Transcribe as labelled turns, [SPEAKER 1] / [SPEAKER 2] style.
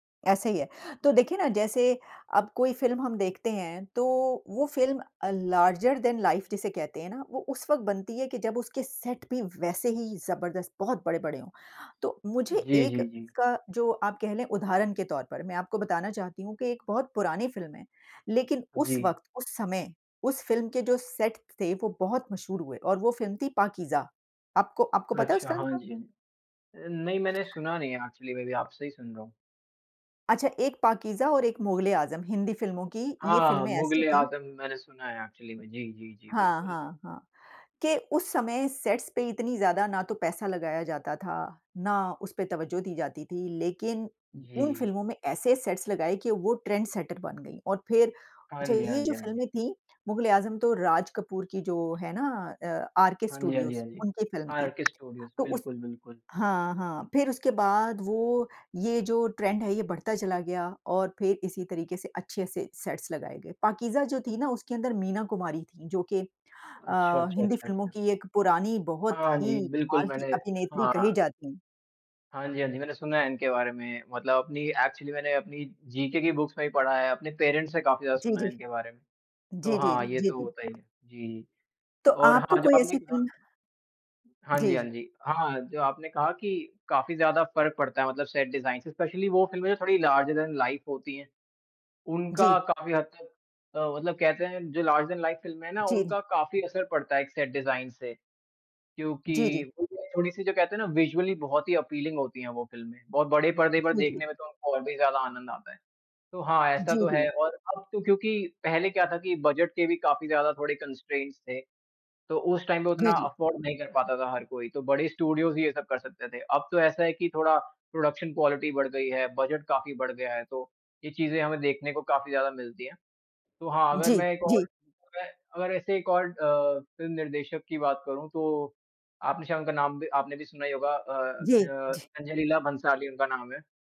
[SPEAKER 1] ऐसे ही है। तो देखिए ना, जैसे अब कोई फ़िल्म हम देखते हैं तो वो फ़िल्म अ, लार्जर दैन लाइफ जिसे कहते हैं ना, वो उस वक़्त बनती है कि जब उसके सेट पे वैसे ही जबरदस्त बहुत बड़े-बड़े हों। तो मुझे
[SPEAKER 2] जी,
[SPEAKER 1] एक
[SPEAKER 2] जी, जी।
[SPEAKER 1] का जो आप कह लें, उदाहरण के तौर पर मैं आपको बताना चाहती हूँ कि एक बहुत पुरानी फ़िल्म है। लेकिन उस
[SPEAKER 2] जी।
[SPEAKER 1] वक़्त, उस समय, उस फ़िल्म के जो सेट्स थे वो बहुत मशहूर हुए और वो फ़िल्म थी पाकीज़ा। आपको आपको पता है उस
[SPEAKER 2] अच्छा,
[SPEAKER 1] फ़िल्म
[SPEAKER 2] हाँ
[SPEAKER 1] का?
[SPEAKER 2] जी। नहीं, मैंने सुना नहीं है एक्चुअली मैं अभी आपसे ही सुन रहा हूँ।
[SPEAKER 1] अच्छा, एक पाकीज़ा और एक मुग़ल-ए-आज़म, हिंदी फ़िल्मों की ये
[SPEAKER 2] हाँ,
[SPEAKER 1] फ़िल्में ऐसी थीं
[SPEAKER 2] मुग़ल-ए-आज़म मैंने सुना है, एक्चुअली में जी, जी, जी।
[SPEAKER 1] हाँ,
[SPEAKER 2] बिल्कुल।
[SPEAKER 1] हाँ, हाँ। के उस समय सेट्स पे इतनी ज़्यादा ना तो पैसा लगाया जाता था, ना उसपे तवज्जो दी जाती थी, लेकिन उन
[SPEAKER 2] जी।
[SPEAKER 1] फ़िल्मों में ऐसे सेट्स लगाए कि वो ट्रेंड सेटर बन गई। और फिर
[SPEAKER 2] हाँ
[SPEAKER 1] अच्छा
[SPEAKER 2] जी, हाँ
[SPEAKER 1] ये
[SPEAKER 2] जी,
[SPEAKER 1] जो
[SPEAKER 2] हाँ जी।
[SPEAKER 1] फ़िल्में थी, मुग़ल-ए-आज़म तो राज कपूर की जो है ना अ, आर के
[SPEAKER 2] हाँ जी, हाँ जी,
[SPEAKER 1] स्टूडियोज,
[SPEAKER 2] हाँ जी।
[SPEAKER 1] उनकी फ़िल्म
[SPEAKER 2] हाँ, आर
[SPEAKER 1] थी।
[SPEAKER 2] के स्टूडियोज
[SPEAKER 1] तो उस
[SPEAKER 2] बिल्कुल, बिल्कुल।
[SPEAKER 1] हाँ, हाँ। फिर उसके बाद वो ये जो ट्रेंड है ये बढ़ता चला गया और फिर इसी तरीके से अच्छे से सेट्स लगाए गए। पाकीज़ा जो थी ना, उसके अंदर मीना कुमारी थी, जो कि अ,
[SPEAKER 2] अच्छा, अच्छा,
[SPEAKER 1] हिंदी
[SPEAKER 2] अच्छा,
[SPEAKER 1] फ़िल्मों
[SPEAKER 2] अच्छा।
[SPEAKER 1] की एक पुरानी बहुत
[SPEAKER 2] हाँ
[SPEAKER 1] ही
[SPEAKER 2] जी, बिल्कुल
[SPEAKER 1] कमाल की
[SPEAKER 2] मैंने
[SPEAKER 1] अभिनेत्री कही
[SPEAKER 2] हाँ।
[SPEAKER 1] जाती है।
[SPEAKER 2] हाँ जी, हाँ जी, मैंने सुना है इनके बारे में। मतलब अपनी एक्चुअली मैंने अपनी जीके की बुक्स में भी पढ़ा है, अपने पेरेंट्स से काफ़ी ज़्यादा
[SPEAKER 1] जी,
[SPEAKER 2] सुना
[SPEAKER 1] जी।
[SPEAKER 2] है इनके बारे में। तो
[SPEAKER 1] जी, जी,
[SPEAKER 2] हाँ, ये
[SPEAKER 1] जी,
[SPEAKER 2] तो
[SPEAKER 1] जी।
[SPEAKER 2] होता ही है। जी,
[SPEAKER 1] तो
[SPEAKER 2] और
[SPEAKER 1] आपको
[SPEAKER 2] हाँ, जो
[SPEAKER 1] कोई
[SPEAKER 2] आपने
[SPEAKER 1] ऐसी
[SPEAKER 2] कहा
[SPEAKER 1] फ़िल्म
[SPEAKER 2] हाँ जी, हाँ
[SPEAKER 1] जी।
[SPEAKER 2] जी, हाँ। जो आपने कहा कि काफ़ी ज़्यादा फ़र्क पड़ता है। मतलब सेट डिजाइन से स्पेशली वो फिल्में जो थोड़ी लार्जर दैन लाइफ होती है,
[SPEAKER 1] जी।
[SPEAKER 2] उनका काफ़ी हद तक अ, मतलब कहते हैं जो, लार्जर दैन लाइफ फ़िल्में हैं ना,
[SPEAKER 1] जी, जी।
[SPEAKER 2] उनका काफ़ी असर पड़ता है एक सेट डिजाइन से।
[SPEAKER 1] जी,
[SPEAKER 2] क्योंकि
[SPEAKER 1] जी।
[SPEAKER 2] थोड़ी-सी जो कहते हैं ना विजुअली बहुत ही अपीलिंग होती है वो फिल्में, बहुत बड़े पर्दे पर
[SPEAKER 1] जी, जी।
[SPEAKER 2] देखने में तो उनको और भी ज़्यादा आनंद आता है। तो हाँ, ऐसा
[SPEAKER 1] जी,
[SPEAKER 2] तो है
[SPEAKER 1] जी।
[SPEAKER 2] और अब तो क्योंकि पहले क्या था कि बजट के भी काफ़ी ज़्यादा थोड़े कंस्ट्रेंट्स थे। तो उस टाइम पे
[SPEAKER 1] जी,
[SPEAKER 2] उतना
[SPEAKER 1] जी।
[SPEAKER 2] अफोर्ड नहीं कर पाता था हर कोई, तो बड़े स्टूडियोज ही ये सब कर सकते थे। अब तो ऐसा है कि थोड़ा प्रोडक्शन क्वालिटी बढ़ गई है, बजट काफ़ी बढ़ गया है, तो ये चीज़ें हमें देखने को काफ़ी ज़्यादा मिलती है। तो हाँ, अगर
[SPEAKER 1] जी,
[SPEAKER 2] मैं एक और
[SPEAKER 1] जी।
[SPEAKER 2] मैं अगर ऐसे एक और अ, फ़िल्म निर्देशक की बात करूँ तो आपने शायद उनका नाम भी आपने भी सुना ही होगा अ,
[SPEAKER 1] जी,
[SPEAKER 2] ख य
[SPEAKER 1] जी।
[SPEAKER 2] संजय लीला भंसाली उनका नाम है।